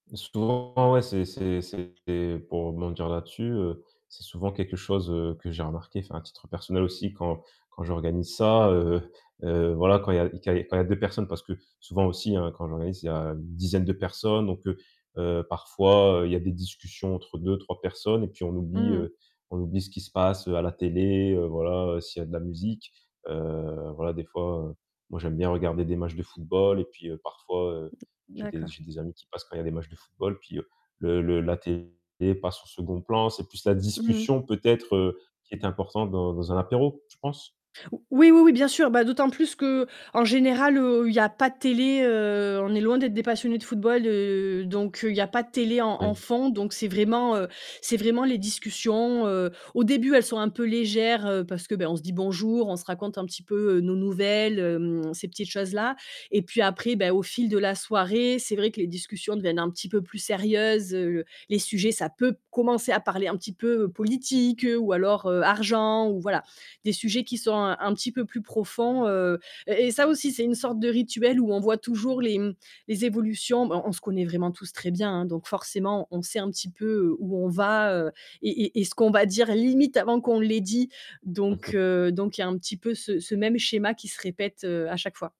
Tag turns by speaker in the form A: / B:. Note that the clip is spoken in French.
A: Souvent ouais, c'est c'est c'est pour rebondir là-dessus, heu, c'est souvent quelque chose, heu, que j'ai remarqué, enfin à titre personnel aussi quand quand j'organise ça, heu heu, voilà quand il y a que quand il y a 2 personnes parce que souvent aussi, hein, quand j'organise, il y a une dizaine de personnes donc heu, heu, parfois, heu, il y a des discussions entre 2-3 personnes et puis on oublie,
B: Mmh mh.
A: heu, on oublie ce qui se passe, heu, à la télé, heu, voilà, s'il y a de la musique, heu, voilà, des fois, heu, moi j'aime bien regarder des matchs de football et puis, heu, parfois, heu, j'ai des
B: D'accord.
A: j'ai des amis qui passent quand il y a des matchs de football, puis, heu, le le la télé passe au 2nd plan, c'est plus la
B: Mmh mh.
A: discussion peut-être, heu, qui est importante dans dans un apéro, je pense.
B: Ou oui, oui, oui, bien sûr. Bah, d'autant plus qu'en général, heu, il y a pas de télé, heu, on est loin d'être des passionnés de football, heu, donc heu, il y a pas de télé en en
A: Ouais.
B: fond, donc c'est vraiment, heu, c'est vraiment les discussions, heu, au début, elles sont un peu légères, heu, parce que, ben, on se dit bonjour, on se raconte un petit peu, heu, nos nouvelles, hem, ces petites choses-là. Et puis après, beh, au fil de la soirée, c'est vrai que les discussions deviennent un petit peu plus sérieuses, heu, les sujets, ça peut commencer à parler un petit peu, heu, politique, heu, ou alors, heu, argent ou voilà. Des sujets qui sont un un petit peu plus profonds, heu et et ça aussi, c'est une sorte de rituel où on voit toujours les, mmh, les évolutions. Bon, on se connaît vraiment tous très bien, hein, donc forcément, on sait un petit peu, heu, où on va, heu et et et ce qu'on va dire limite avant qu'on l'ait dit, donc heu, donc il y a un petit peu ce ce même schéma qui se répète, heu, à chaque fois.